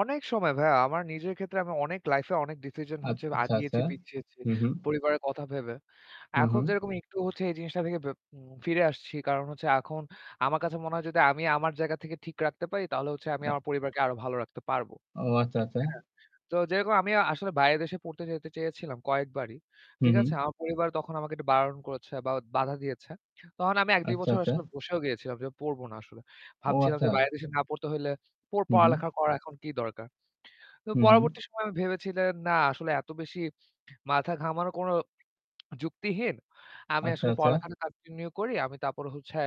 অনেক সময় ভাইয়া। আমার নিজের ক্ষেত্রে আমি অনেক লাইফে অনেক ডিসিশন হচ্ছে আচ্ছা, আচ্ছা, আচ্ছা। আগিয়েছি পিছিয়েছি। হুম, হুম। পরিবারের কথা ভেবে। হু, এখন হু। যেরকম একটু হচ্ছে এই জিনিসটা থেকে বে ফিরে আসছি। কারণ হচ্ছে এখন আমার কাছে মনে হয় যদি আমি আমার জায়গা থেকে ঠিক রাখতে পারি তাহলে আমি হ্যাঁ। আমার পরিবারকে আরো ভালো রাখতে পারবো। ও আচ্ছা, আচ্ছা। হ্যা? তো যেরকম আমি আসলে বাইরের দেশে পড়তে যেতে চেয়েছিলাম কয়েকবারই। হু, ঠিক হু। আছে? আমার পরিবার তখন আমাকে একটু বারণ করেছে বা বাধা দিয়েছে। তখন আমি ১-২ আচ্ছা, বছর আচ্ছা। আসলে বসেও গিয়েছিলাম যে পড়ব না আসলে। ও ভাবছিলাম যে আচ্ছা। বাইরের দেশে না পড়তে হইলে ওই হু, হু। পড়ালেখা করা এখন কি দরকার? তো হু, হু। পরবর্তী সময়ে আমি ভেবেছিলাম না আসলে এত বেশি মাথা ঘামানো কোন যুক্তিহীন। আমি আচ্ছা, আসলে আচ্ছা। পড়ালেখাটা কন্টিনিউ করি। আমি তারপরে হচ্ছে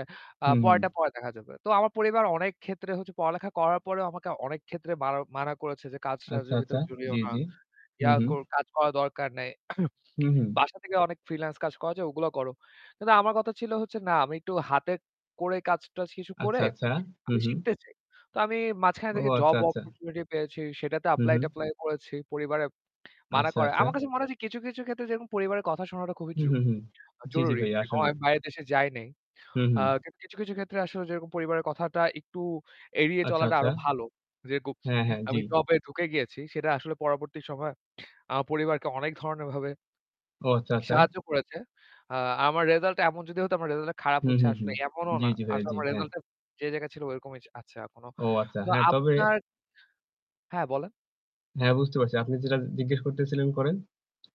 আ হুম, হুম। পরেরটা পরে দেখা যাবে। তো আমার পরিবার অনেক ক্ষেত্রে হচ্ছে পড়ালেখা করার পরেও আমাকে অনেক ক্ষেত্রে মারা মানা করেছে যে, আচ্ছা, "কাজ-টাজের আচ্ছা। ভেতরে জড়িও জ্বী, না। জ্বী। হু, ইয়া হু। কর কাজ করার দরকার নেই। হুম, হুম। বাসা থেকে অনেক ফ্রিল্যান্স কাজ করা যায় ওগুলো করো।" কিন্তু আমার কথা ছিল হচ্ছে না আমি একটু হাতে করে কাজ-টাজ কিছু আচ্ছা, করে আচ্ছা। আমি হুম, হুম। শিখতে চাই। তো আমি মাঝখানে ও থেকে আচ্ছা, জব আচ্ছা। অপরচুনিটি পেয়েছি। সেটাতে হুম, হুম। এপ্লাই-ট্যাপ্লাই করেছি। পরিবারে মানা আচ্ছা, করে। আচ্ছা। আমার কাছে মনে হচ্ছে কিছু, কিছু ক্ষেত্রে যেরকম পরিবারের কথা শোনাটা খুবই হু, জু হু, হু। জ্বি, জ্বি, জরুরি। ভাই যে আসলে। আমি বাইরের দেশে যাই নাই। হুম, আ হুম। কিন্তু কিছু, কিছু ক্ষেত্রে আসলে যেরকম পরিবারের কথাটা একটু এড়িয়ে আচ্ছা, চলাটা আচ্ছা। আরো ভালো। হ্যাঁ, [unintelligible] হ্যাঁ, জ্বি। আমি টবে ঢুকে গিয়েছি সেটা আসলে পরবর্তী সময়ে আমার পরিবারকে অনেক ধরনের ভাবে ও আচ্ছা, আচ্ছা। সাহায্য করেছে। আ আমার রেসাল্ট টা এমন যদি হত আমার রেসাল্ট টা খারাপ হু, হচ্ছে হু, হু। আসলে এমনও জ্বী, না। জ্বী। ভাইয়া আসলে জি, আমার হ্যাঁ। রেসাল্ট টা যে জায়গায় ছিল ঐরকমই আছে এখনো। ও আচ্ছা। তো হ্যাঁ, তবে আপনার হ্যাঁ, বলেন। হ্যাঁ, বুঝতে পারছি। আপনি যেটা জিজ্ঞেস করতেছিলেন করেন।